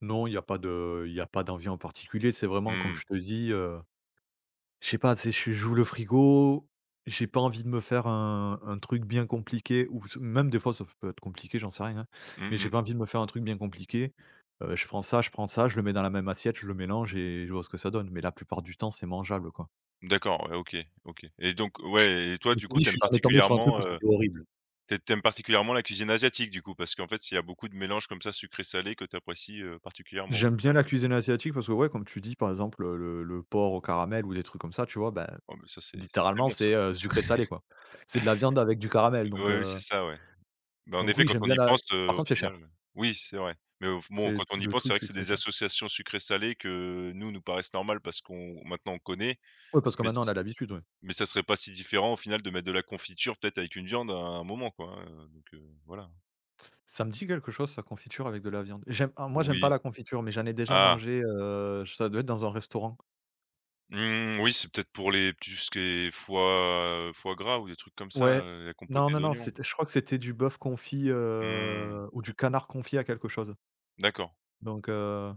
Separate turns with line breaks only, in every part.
Non, il y pas de il y a pas d'envie en particulier. C'est vraiment comme
Mmh.
je te dis, heu, je sais pas. Tu sais, j'ai j'ouvre le frigo, j'ai pas envie de me faire un un truc bien compliqué ou s même des fois, ça f peut être compliqué, j'en sais rien, hein.
Mmh
Mais j'ai
mh.
pas envie de me faire un truc bien compliqué. Heu, je prends ça je prends ça, je le mets dans la même assiette, je le mélange et je vois ce que ça donne. Mais la plupart du temps, c'est mangeable, quoi.
D'accord, ouais, OK, OK et donc
Ch
ouais et toi,
comme je
du
t'ai
coup,
dit,
tu
je
aimes
suis jamais tombé sur un truc
particulièrement,
où
heu,
c'était horrible.
t tu aimes particulièrement la cuisine asiatique, du coup? Parce qu'en fait, s il y a beaucoup de mélanges comme ça, sucré-salé, que tu apprécies, heu, particulièrement, au
J'aime bien
final?
la cuisine asiatique parce que, ouais, comme tu dis, par exemple, heu, le le le porc au caramel ou des trucs comme ça, tu vois? Ben,
Ah beh ça, c'est c'est très
littéralement,
bon, ça.
c'est, heu, sucré salé, quoi. C'est de la viande avec du caramel, donc
Oui, c'est
heu
ça, ouais. Bah, en
donc
effet,
oui,
quand
j'aime
on
bien
y
la
pense, heu,
par
au
contre, c'est
final,
cher.
heu, oui c'est vrai. Mais au f bon,
C'est
quand
d
on y
le
pense, c'est
truc,
vrai que
c'est
c'est
que c'est
des
cher.
associations sucrées-salées que nous, nous paraissent normales parce qu'on maintenant, on connaît.
Ouais, parce que
Mais
maintenant, on a
s
l'habitude, oui.
mais ça serait pas si différent, au final, de mettre de la confiture, peut-être, avec une viande, à un moment, quoi, hein. Heu, donc heu, voilà.
Ça me dis quelque chose, ça, confiture avec de la viande. J'aime alors, moi, j'aime pas
Oui,
la confiture, mais j'en ai déjà
ah!
mangé. Heu, j ça doit être dans un restaurant.
Mmh oui, c'est peut-être pour les tout ce qui est foie foie gras ou des trucs comme ça,
Ouais,
heu, la
non
compotée
non non,
d'oignons.
c'était je crois que c'était du bœuf confit,
Mmh.
heu, ou du canard confit à quelque chose
D'accord.
donc heu,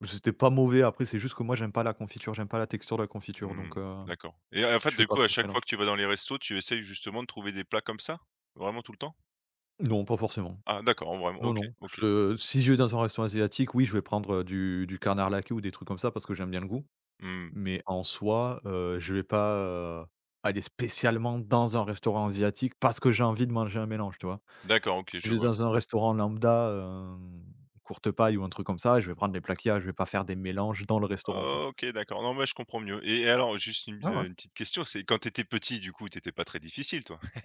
beh c'était pas mauvais. Après, c'est juste que moi, j'aime pas la confiture, j'aime pas la texture de la confiture,
Mmh
donc
mh,
heu,
d'accord et, en fait,
je fais
du
pas
coup, à
trop ce
chaque fois
mélange.
que tu vas dans les restos, tu essaies justement de trouver des plats comme ça? Vraiment tout le temps?
Non, pas forcément.
Ah d'accord, en vraiment
Non,
OK,
non.
OK.
Je si je vais dans un restaurant asiatique, oui, je vais prendre, heu, du du canard laqué ou des trucs comme ça parce que j'aime bien le goût.
Mmh mh.
Mais, en soi, heu, je vais pas, heu, aller spécialement dans un restaurant asiatique parce que j'ai envie de manger un mélange, tu vois?
D'accord, OK, je
Je vais
vois.
dans un restaurant lambda, hem, Courtepaille ou un truc comme ça, et je vais prendre les plats qu'il y a. Je vais pas faire des mélanges dans le restaurant, quoi.
OK, d'accord. Non, mais je comprends mieux et alors, juste une
Ouais,
bi
ouais.
heu, une petite question. C'est quand tu étais petit, du coup, tu étais pas très difficile, toi?